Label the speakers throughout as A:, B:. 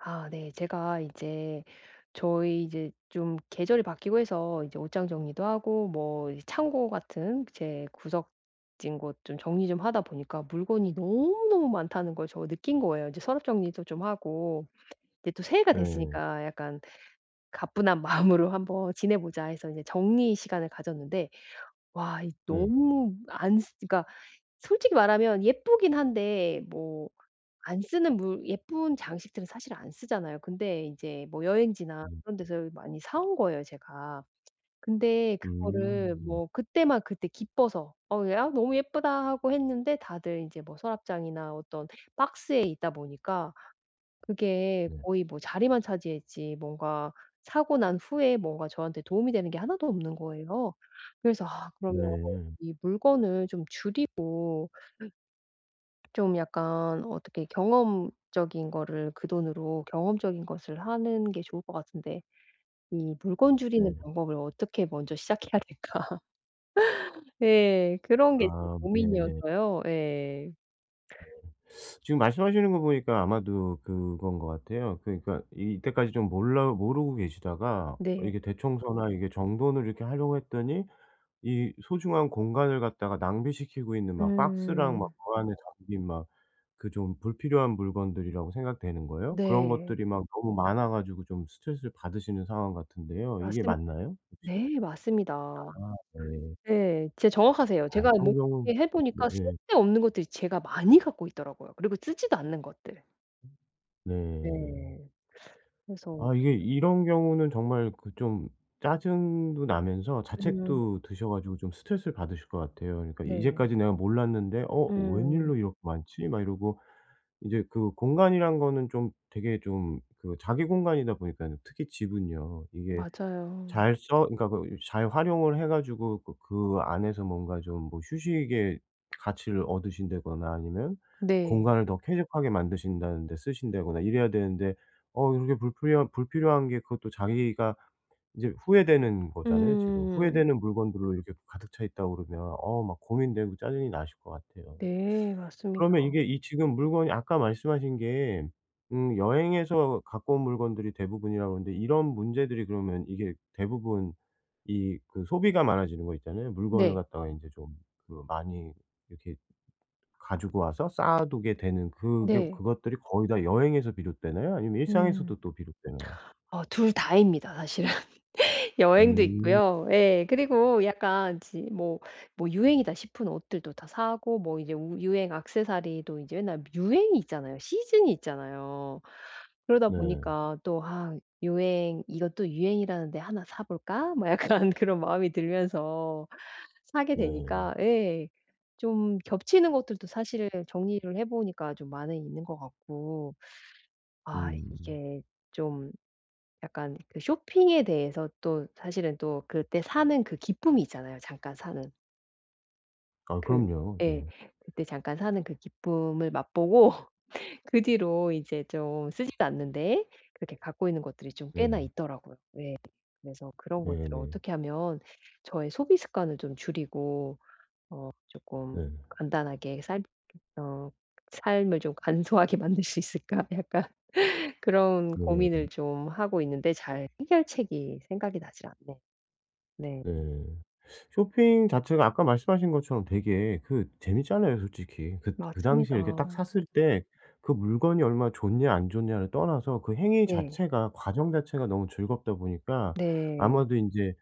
A: 아 네. 제가 이제 저희 이제 좀 계절이 바뀌고 해서 이제 옷장 정리도 하고 뭐 이 창고 같은 제 구석진 곳 좀 정리 좀 하다 보니까 물건이 너무너무 많다는 걸 저 느낀 거예요. 인제 서랍 정리도 좀 하고 이제 또 새해가
B: 네.
A: 됐으니까 '약간 가뿐한 마음으로 한번 지내보자.' 해서 이제 정리의 시간을 가졌는데, 와 이
B: 네.
A: 너무 안 쓰 그니까 솔직히 말하면 예쁘기는 한데 뭐 안 쓰는 물 예쁜 장식들은 사실 안 쓰잖아요. 근데 인제 뭐 여행지나
B: 음.
A: 그런 데서 많이 사 온 거예요, 제가. 근데 그거를
B: 음.
A: 뭐 그때만 그때 기뻐서 '어우 야 너무 예쁘다.' 하고 했는데 다들 인제 뭐 서랍장이나 어떤 박스에 있다 보니까 그게
B: 네.
A: 거의 뭐 자리만 차지했지 뭔가 사고 난 후에 뭔가 저한테 도움이 되는 게 하나도 없는 거예요. 그래서 '아 그러면
B: 네.
A: 이 물건을 좀 줄이고 좀 약간 어떻게 경험적인 거를 그 돈으로 경험적인 것을 하는 게 좋을 것 같은데 이 물건 줄이는
B: 네.
A: 방법을 어떻게 먼저 시작해야 될까?' 예. 그런 게 지금
B: 아 네네.
A: 고민이어서요. 예.
B: 네. 지금 말씀하시는 거 보니까 아마도 그건 것 같아요. 그러니까 이 이때까지 좀 몰라 모르고 계시다가 어
A: 네.
B: 이게 대청소나 이게 정돈을 이렇게 하려고 했더니 이 소중한 공간을 갖다가 낭비시키고 있는 막 박스랑 막
A: 음.
B: 그 안에 담긴 막 그 좀 불필요한 물건들이라고 생각되는 거예요. 그런
A: 네.
B: 것들이 막 너무 많아 가지고 좀 스트레스를 받으시는 상황 같은데요. 이게
A: 맞습
B: 맞나요 혹시?
A: 네, 맞습니다.
B: 아 네.
A: 네. 진짜 정확하세요.
B: 아이
A: 제가 뭐
B: 그런
A: [unintelligible]
B: 경우 예.
A: 해보니까
B: 네예.
A: 쓸데없는 것들이 제가 많이 갖고 있더라고요, 그리고 쓰지도 않는 것들.
B: 네.
A: 네. 그래서
B: 아 이게
A: [unintelligible]
B: 이런 경우는 정말 그 좀 짜증도 나면서
A: 음.
B: 자책도 드셔 가지고 좀 스트레스를 받으실 것 같아요. 그러니까
A: 네.
B: 이제까지 내가 몰랐는데 "어
A: 음.
B: 웬일로 이렇게 많지?" 막 이러고 이제 그 공간이란 거는 좀 되게 좀 그 자기 공간이다 보니까요 특히 집은요 이게
A: 맞아요.
B: 잘 써 그러니까 그 잘 활용을 해 가지고 그 그 안에서 뭔가 좀 뭐 휴식의 가치를 얻으신다거나 아니면
A: 네.
B: 공간을 더 쾌적하게 만드신다는데 쓰신다거나 이래야 되는데 어 이렇게 불필요한 불필요한 게 그것도 자기가 인제 후회되는 거잖아요 지금.
A: 음.
B: 후회되는 물건들로 이렇게 또 가득 차 있다 그러면 어 막 고민되고 짜증이 나실 것 같아요.
A: 네. 맞습니다.
B: 그러면 이게 이 지금 물건이 아까 말씀하신 게 음 여행에서 갖고 온 물건들이 대부분이라고 그러는데 이런 문제들이 그러면 이게 대부분 이 그 소비가 많아지는 거 있잖아요. 물건을
A: 네.
B: 갖다가 인제 좀 그 많이 이렇게 가지고 와서 쌓아두게 되는 그게
A: 네.
B: 그것들이 거의 다 여행에서 비롯되나요? 아니면 일상에서도
A: 음.
B: 또 비롯되나요?
A: 어 2 다입니다 사실은. 여행도
B: 음.
A: 있고요. 예. 그리고 약간 지 뭐 뭐 유행이다 싶은 옷들도 다 사고 뭐 이제 우 유행 액세서리도 이제 맨날 유행이 있잖아요. 시즌이 있잖아요. 그러다
B: 네.
A: 보니까 또 아 유행 '이것도 유행이라는 데 하나 사 볼까?' 뭐 약간 그런 마음이 들면서 사게
B: 네.
A: 되니까 예 좀 겹치는 것들도 사실 정리를 해 보니까 좀 많이 있는 것 같고 아
B: 음.
A: 이게 좀 약간 그 쇼핑에 대해서 또 사실은 또 그때 사는 그 기쁨이 있잖아요 잠깐 사는.
B: 아
A: 그
B: 그럼요.
A: 예
B: 예.
A: 그때 잠깐 사는 그 기쁨을 맛보고 그 뒤로 이제 좀 쓰지도 않는데 그렇게 갖고 있는 것들이 좀 꽤나
B: 네.
A: 있더라고요. 예. 그래서 그런 것들을
B: 네네.
A: 어떻게 하면 저의 소비 습관을 좀 줄이고 어 쪼끔
B: 네.
A: 간단하게 삶 어 삶을 좀 간소하게 만들 수 있을까? 약간 그런
B: 네.
A: 고민을 좀 하고 있는데 잘 해결책이 생각이 나질 않네요 네.
B: 네. 쇼핑 자체가 아까 말씀하신 것처럼 되게 그 재밌잖아요 솔직히. 긋 그 당시에 이렇게 딱
A: 맞습니다.
B: 샀을 때 그 물건이 얼마 좋냐 안 좋냐를 떠나서 그 행위
A: 네.
B: 자체가 과정 자체가 너무 즐겁다 보니까
A: 네.
B: 아마도 인제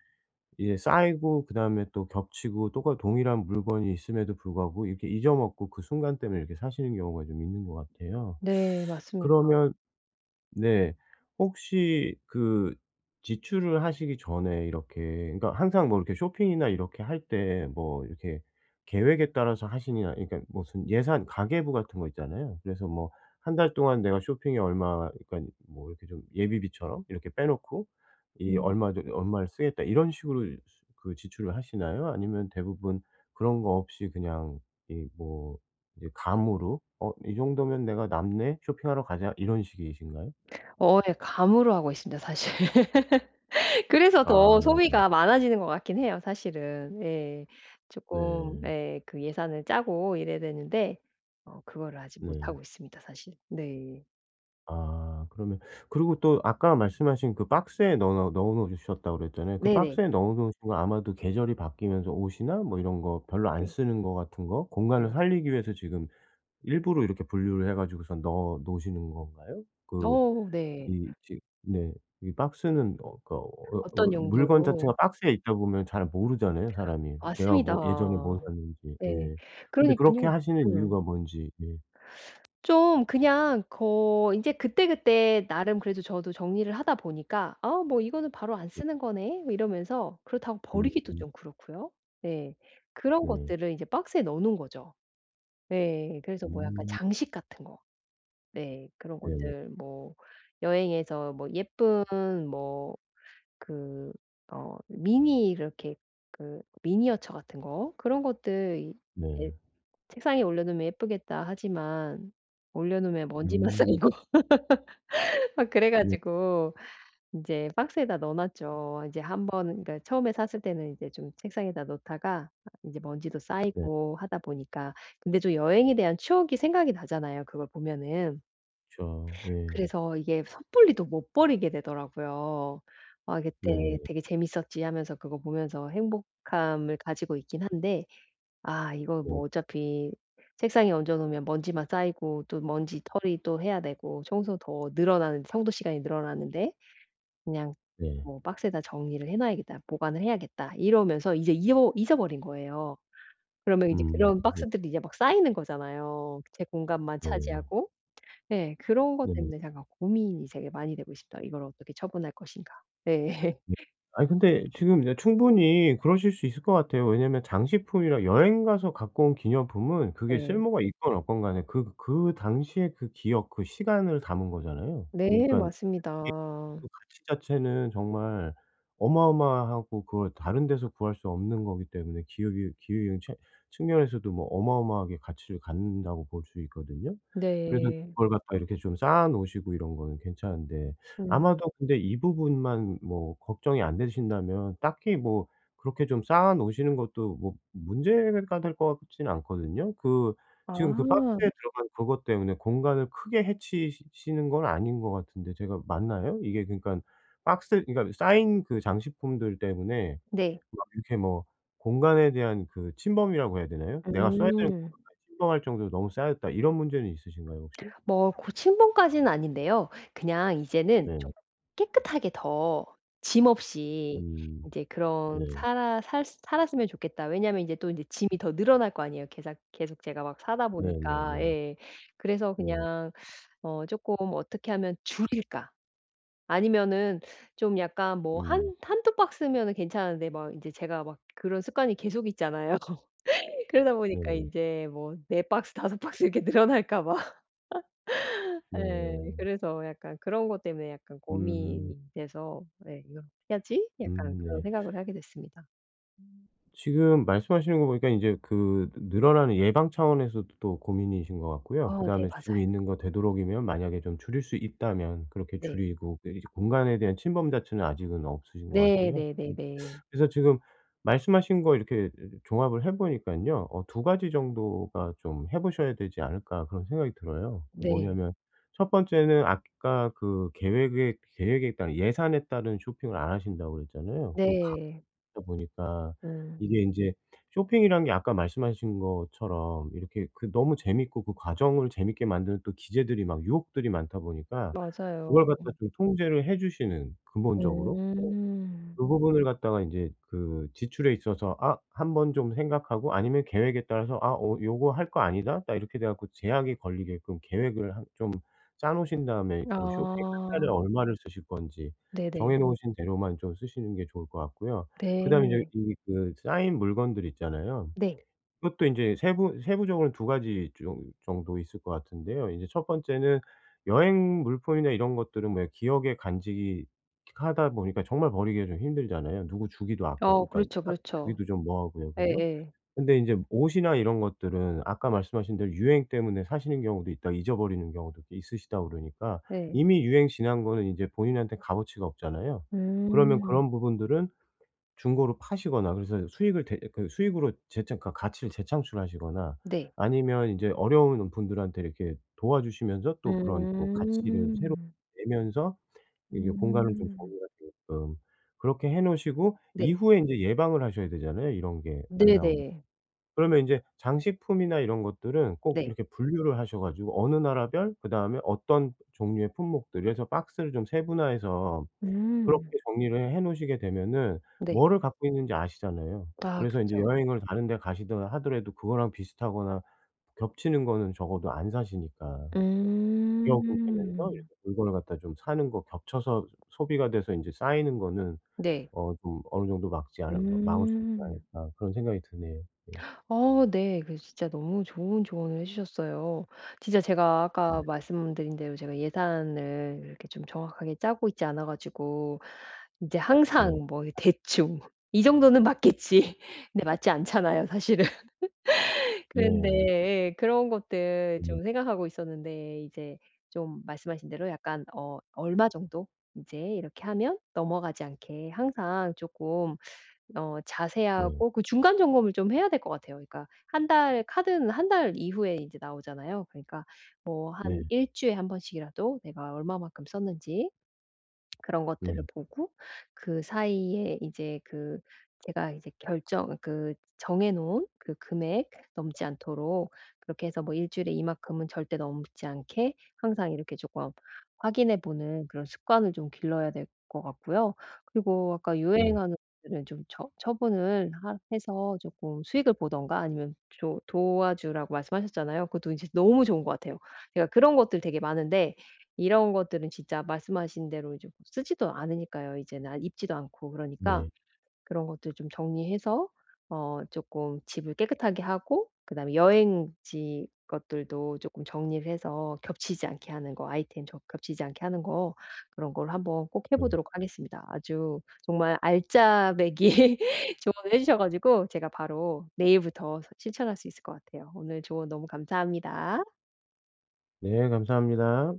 B: 이게 쌓이고 그다음에 또 겹치고 똑같 동일한 물건이 있음에도 불구하고 이렇게 잊어 먹고 그 순간 때문에 이렇게 사시는 경우가 좀 있는 거 같아요.
A: 네. 맞습니다.
B: 그러면 네 혹시 그 지출을 하시기 전에 이렇게 그러니까 항상 뭐 이렇게 쇼핑이나 이렇게 할 때 뭐 이렇게 계획에 따라서 하시냐 그러니까 무슨 예산 가계부 같은 거 있잖아요. 그래서 뭐 '1 달 동안 내가 쇼핑에 얼마 그러니깐 뭐 이렇게 좀 예비비처럼 이렇게 빼놓고 이
A: 음.
B: 얼마 저기 얼마를 쓰겠다.' 이런 식으로 수 그 지출을 하시나요? 아니면 대부분 그런 거 없이 그냥 이 뭐 이제 감으로 '어 이 정도면 내가 남네. 쇼핑하러 가자.' 이런 식이신가요?
A: 어 예 감으로 하고 있습니다 사실. 그래서
B: 아
A: 더
B: 네.
A: 소비가 많아지는 것 같기는 해요 사실은. 예 쪼끔
B: 네.
A: 예 그 예산을 짜고 이래야 되는데 어 그거를 아직
B: 네.
A: 못하고 있습니다 사실. 네.
B: 아 그러면 그리고 또 아까 말씀하신 그 박스에 넣어 놓 넣어 놓으셨다고 그랬잖아요. 그
A: 네네.
B: 박스에 넣어 놓으신 건 아마도 계절이 바뀌면서 옷이나 뭐 이런 거 별로 안
A: 네.
B: 쓰는 거 같은 거 공간을
A: 네.
B: 살리기 위해서 지금 일부러 이렇게 분류를 해 가지고선 넣어 놓으시는 건가요? 그
A: 어 네.
B: 이 지 네 이 박스는 어 그러니까 어 어
A: 어떤
B: 물건
A: 용도로
B: 자체가 박스에 있다 보면 잘 모르잖아요 사람이 내가
A: 맞습니다.
B: 뭐 예전에 뭘 샀는지.
A: 네.
B: 예 근데 그렇게
A: 그러니깐요
B: 하시는
A: 음.
B: 이유가 뭔지. 예.
A: 좀 그냥 거 인제 그때그때 나름 그래도 저도 정리를 하다 보니까 '아 뭐 이거는 바로 안
B: [unintelligible]
A: 쓰는 거네.' 뭐 이러면서 그렇다고 버리기도
B: 음.
A: 좀 그렇고요. 예 그런
B: 네.
A: 것들을 인제 박스에 넣어 놓은 거죠. 네 그래서 뭐 약간
B: 음.
A: 장식 같은 거 네 그런
B: 예.
A: 것들 뭐 여행에서 뭐 예쁜 뭐 그 어 미니 이렇게 그 미니어처 같은 거 그런 것들 이 엣
B: 네.
A: '책상에 올려놓으면 예쁘겠다.' 하지만 올려놓으면 먼지만
B: 음.
A: 쌓이고 막 그래
B: [unintelligible]
A: 가지고 인제 박스에다 넣어 놨죠. 이제 한번 그러니까 처음에 샀을 때는 이제 좀 책상에다 놓다가 아 인제 먼지도
B: 네.
A: 쌓이고 하다 보니까 근데 좀 여행에 대한 추억이 생각이 나잖아요 그걸 보면은.
B: 그쵸. 예.
A: 그래서 이게 섣불리 또 못 버리게 되더라고요. '아
B: 네.
A: 그때 되게 재밌었지.' 하면서 그거 보면서 행복함을 가지고 있기는 한데 '아 이거 뭐
B: 네.
A: 어차피 책상에 얹어 놓으면 먼지만 쌓이고 또 먼지떨이 또 해야 되고 청소 더 늘어나는 청소 시간이 늘어나는데 그냥
B: 네.
A: 뭐 박스에다 정리를 해 놔야겠다. 보관을 해야겠다.' 이러면서 이제 입어 잊어버린 거예요. 그러면 이제
B: 음.
A: 그런
B: [unintelligible]
A: 박스들이 이제 막 쌓이는 거잖아요 제 공간만
B: 네.
A: 차지하고. 네 그런 것
B: 네네.
A: 때문에 제가 고민이 되게 많이 되고 있습니다. '이걸 어떻게 처분할 것인가.' 네.
B: 네. 아니 근데 지금 이제 충분히 그러실 수 있을 거 같아요. 왜냐면 장식품이랑 여행 가서 갖고 온 기념품은 그게
A: 네.
B: 쓸모가 있건 없건 간에 그 그 당시에 그 기억 그 시간을 담은 거잖아요.
A: 네.
B: 그러니깐 [unintelligible]
A: 맞습니다.
B: 그 가치 자체는 정말 어마어마하고 그걸 다른 데서 구할 수 없는 거기 때문에 기억이 기으인 체 측면에서도 뭐 어마어마하게 가치를 갖는다고 볼 수 있거든요. 그래서
A: 네.
B: 그걸 갖다가 이렇게 좀 쌓아 놓으시고 이런 거는 괜찮은데
A: 음.
B: 아마도 근데 이 부분만 뭐 걱정이 안 되신다면 딱히 뭐 그렇게 좀 쌓아 놓으시는 것도 뭐 문제가 될 거 같지는 않거든요. 그 지금 그
A: 아.
B: 박스에 들어간 그것 때문에 공간을 크게 해치시 시는 건 아닌 거 같은데 제가 맞나요? 이게 그러니깐 박스 그러니까 쌓인 그 장식품들 때문에
A: 네.
B: 막 이렇게 뭐 공간에 대한 그 침범이라고 해야 되나요? '내가 써야 되는
A: 음.
B: 공간까지 침범할 정도로 너무 쌓였다.' 이런 문제는 있으신가요 혹시?
A: 뭐 고 침범까지는 아닌데요. 그냥 이제는
B: 네.
A: 좀 깨끗하게 더 짐 없이
B: 음.
A: 이제 그런
B: 네.
A: 살아 살 살았으면 좋겠다. 왜냐하면 인제 또 인제 짐이 더 늘어날 거 아니에요 계삭 계속 제가 막 사다보니까.
B: 네네네.
A: 예 그래서
B: 네.
A: 그냥 어 쪼금 '어떻게 하면 줄일까?' 아니면은 좀 약간 뭐
B: 음.
A: 한 1-2 박스면은 괜찮은데 막 인제 제가 막 그런 습관이 계속 있잖아요. 그러다 보니까
B: 네네.
A: 인제 뭐 4 박스 5 박스 이렇게 늘어날까 봐. 예.
B: 네.
A: 그래서 약간 그런 것 때문에 약간
B: 음.
A: 고민이 돼서 네 '이걸 어떻게 하지?'
B: 음
A: 약간 그런
B: 네.
A: 생각을 하게 됐습니다.
B: 지금 말씀하시는 거 보니까 인제 그 느 늘어나는 예방 차원에서도 또 고민이신 것 같고요.
A: 어 네
B: 그다음에 지금
A: 맞아요.
B: 있는 거 되도록이면 만약에 좀 줄일 수 있다면 그렇게
A: 네.
B: 줄이고 그 이제 공간에 대한 침범 자체는 아직은 없으신 것
A: 네.
B: 같아요. 음
A: 네네네.
B: 그래서 지금 말씀하신 거 이렇게 종합을 해 보니깐요. 어 2 가지 정도가 좀 해 보셔야 되지 않을까 그런 생각이 들어요.
A: 네.
B: 뭐냐면 1 번째는 아까 그 계획에 계획에 따른 예산에 따른 쇼핑을 안 하신다고 그랬잖아요, 그 가다
A: 네.
B: 보니까.
A: 음.
B: 이게 인제 쇼핑이란 게 아까 말씀하신 것처럼 이렇게 그 너무 재밌고 그 과정을 재밌게 만드는 또 기제들이 막 유혹들이 많다 보니까 그걸
A: 맞아요.
B: 갖다
A: 음.
B: 좀 통제를 해 주시는 근본적으로. 네.
A: 음.
B: 그 부분을 갖다가 인제 그 지출에 있어서 아, 1 번 좀 생각하고 아니면 계획에 따라서 아, 어 요거 할 거 아니다 딱 이렇게 돼 갖고 제약이 걸리게끔 계획을 한 좀 짜 놓으신 다음에 그 쇼핑 1 달에
A: 아.
B: 얼마를 쓰실 건지
A: 네네.
B: 정해 놓으신 대로만 좀 쓰시는 게 좋을 것 같고요. 그다음에 이제
A: 네.
B: 이 그 쌓인 물건들 있잖아요.
A: 네.
B: 그것도 인제 세부 세부적으로는 2 가지 좀 정도 있을 것 같은데요. 인제 1 번째는 여행 물품이나 이런 것들은 왜 기억에 간직이 하다 보니까 정말 버리기가 좀 힘들잖아요. 누구 주기도 아까워
A: 어
B: 그러니까
A: 그렇죠
B: 하
A: 그렇죠.
B: 주기도 좀 뭐하고요, 그죠?
A: 예예.
B: 근데 인제 옷이나 이런 것들은 아까 말씀하신 대로 유행 때문에 사시는 경우도 있다, 잊어버리는 경우도 꽤 있으시다 그러니까
A: 예.
B: 이미 유행 지난 거는 이제 본인한테 값어치가 없잖아요. 그러면
A: 음.
B: 그런 부분들은 중고로 파시거나 그래서 수익을 대 그 수익으로 재창 그니까 가치를 재창출하시거나
A: 네.
B: 아니면 인제 어려운 분들한테 이렇게 도와주시면서 또 그런 또 가치를 새롭게
A: 음.
B: 내면서 이게 공간을 좀
A: 음.
B: 정리가 되게끔 그렇게 해 놓으시고
A: 네.
B: 이후에 인제 예방을 하셔야 되잖아요, 이런 게 안 나오게.
A: 네네.
B: 그러면 인제 장식품이나 이런 것들은 꼭
A: 네.
B: 이렇게 분류를 하셔 가지고 어느 나라 별 그다음에 어떤 종류의 품목들 그래서 박스를 좀 세분화해서 그렇게
A: 음.
B: 정리를 해 놓으시게 되면은
A: 네.
B: 뭐를 갖고 있는지 아시잖아요.
A: 아
B: 그래서 인제
A: 그쵸.
B: 여행을 다른 데 가시던 하더라도 그거랑 비슷하거나 겹치는 거는 적어도 안 사시니까. 기억은 되면서
A: 음.
B: 이렇게 물건을 갖다 좀 사는 거 겹쳐서 소비가 돼서 인제 쌓이는 거는
A: 네.
B: 어 좀 어느 정도 막지 않을 마 막을 수 있지
A: 음.
B: 않을까 그런 생각이 드네요. 예.
A: 어 네. 그래서 진짜 너무 좋은 조언을 해 주셨어요. 진짜 제가
B: 예.
A: 아까 말씀드린 대로 제가 예산을 이렇게 좀 정확하게 짜고 있지 않아 가지고 인제
B: 네.
A: 항상 뭐 이 대충 이 정도는 맞겠지. 근데 맞지 않잖아요 사실은. 그런데
B: 네.
A: 예, 그런 것들
B: [unintelligible]
A: 좀 생각하고 있었는데 이제 좀 말씀하신 대로 약간 어 얼마 정도 인제 이렇게 하면 넘어가지 않게 항상 쪼끔 어
B: 네.
A: 자세하고 그 중간 점검을 좀 해야 될 것 같아요. 그러니까 1 달에 카드는 1 달 이후에 인제 나오잖아요. 그러니까 뭐 한
B: 네.
A: 1 주에 1 번씩이라도 내가 얼마만큼 썼는지 그런 것들을
B: 예.
A: 보고 그 사이에 이제 그 제가 이제 결정 그 정해 놓은 그 금액 넘지 않도록 그렇게 해서 뭐 1 주일에 이만큼은 절대 넘지 않게 항상 이렇게 조금 확인해 보는 그런 습관을 좀 길러야 될 것 같고요. 그리고 아까
B: 네.
A: 유행하는 것들은 좀 처 처분을 하 해서 쪼끔 수익을 보든가 아니면 조 도와주라고 말씀하셨잖아요. 그것도 인제 너무 좋은 것
B: 네.
A: 같아요. 제가 그런 것들 되게 많은데 이런 것들은 진짜 말씀하신 대로 이제 뭐 쓰지도 않으니까요. 이젠 안 입지도 않고 그러니까
B: 네.
A: 그런 것들 좀 정리해서 어 쪼끔 집을 깨끗하게 하고 그다음에 여행지 것들도 쪼끔 정리를 해서 겹치지 않게 하는 거 아이템 저 겹치지 않게 하는 거 그런 걸 한번 꼭 해
B: 네.
A: 보도록 하겠습니다. 아주 정말 알짜배기 조언을 해 주셔 가지고 제가 바로 내일부터 서 실천할 수 있을 것 같아요. 오늘 조언 너무 감사합니다.
B: 네, 감사합니다.